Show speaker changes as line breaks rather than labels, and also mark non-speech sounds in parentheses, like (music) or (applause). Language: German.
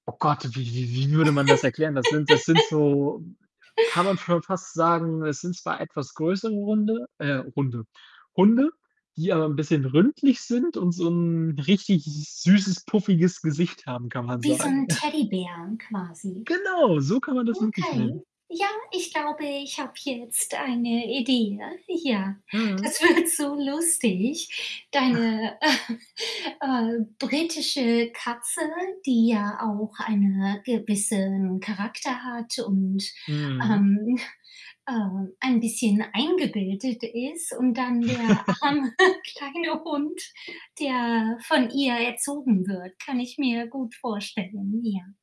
Oh Gott, wie wie wie würde man das erklären? Das sind das sind
(laughs)
so kann man schon fast sagen, es sind zwar etwas größere Runde, äh, Runde Hunde, die aber 'n bisschen rundlich sind und so 'n richtig süßes, puffiges Gesicht haben, kann man
Wie so
sagen.
'n
(chuckles)
Teddybär quasi.
Genau, so kann man das wirklich
Okay.
nennen.
Ja, ich glaube, ich habe jetzt eine Idee, ja. Ja,
Mhm.
das wird so lustig.
(chuckles)
Deine, (chuckles) äh, britische Katze, die ja auch eine gewissen Charakter hat und,
Mhm.
ähm, (chuckles) äh, ein bisschen eingebildet ist und dann der
(laughs)
arme, kleine Hund, der von ihr erzogen wird, kann ich mir gut vorstellen, ja.